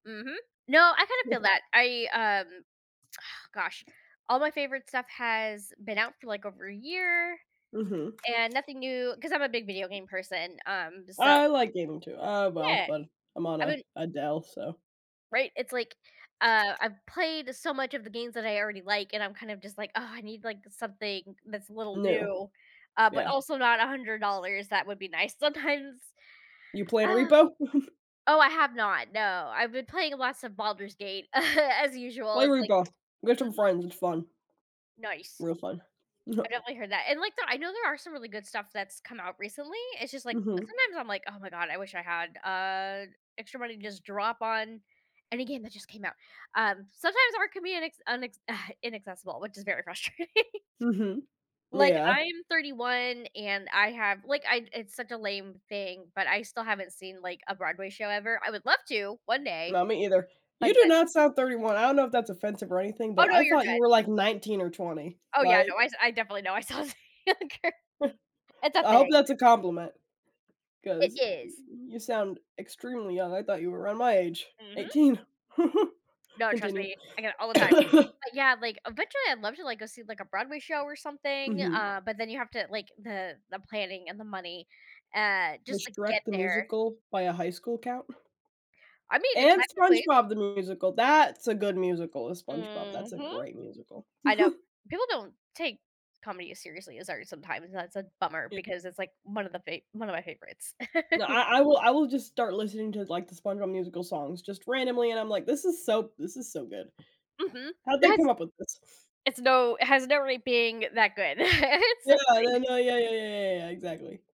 Mhm, no, I kind of feel that. I, um, ugh, gosh, all my favorite stuff has been out for, like, over a year Mhm. and nothing new 'cause I'm a big video game person, um, so I like gaming too, uh well, Yeah, but I'm on I a been a Dell, so Right, it's like, uh, I've played so much of the games that I already like, and I'm kind of just like, "Oh, I need, like, something that's a little No. new," uh, but Yeah. also not $100, that would be nice. Sometimes You playing Ah. repo? Oh, I have not, no, I've been playing lots of Baldur's Gate as usual. Play It's like Repo, with some Mhm. friends, it's fun. Nice. Real fun. I definitely heard that and, like, the I know there are some really good stuff that's come out recently. It's just, like, Mhm. sometimes I'm like, "Oh my god, I wish I had, uh, extra money to just drop on any game that just came out," um, sometimes art can be an acc unacc inaccessible, which is very frustrating. Mhm, Like, yeah. I'm 31 and I have, like, I it's such a lame thing, but I still haven't seen, like, a Broadway show ever. I would love to one day, No, me either. but You do that not sound 31, I don't know if that's offensive or anything, Oh but no, I you're thought you good. were, like, 19 or 20, Oh yeah, no, like I s I definitely know. I saw [unintelligible] it's a I hope thing. that's a compliment, It 'cause y is. you sound extremely young. I thought you were around my age, Mhm. 18. No, trust Continue. me, I get it all the time, but yeah, like, eventually I'd love to, like, go see, like, a Broadway show or something, Mhm. uh, but then you have to, like, the the planning and the money, uh, just Was to get Shrek the there. musical, by a high school, count? I mean, it And technically. SpongeBob the Musical, that's a good musical is SpongeBob that's a Mhm. great musical. I know, people don't take comedy as seriously as art sometimes, that's a bummer Y because it's, like, one of the fa one of my favorites. No, I I will I will just start listening to, like, the SpongeBob Musical songs, just randomly, and I'm like, "This is so this is so good. Mhm. How did they That's come up with this?" It's no it has no rea being that good. It's Yeah, so no, funny. no, yeah, yeah, yeah, yeah, yeah, exactly.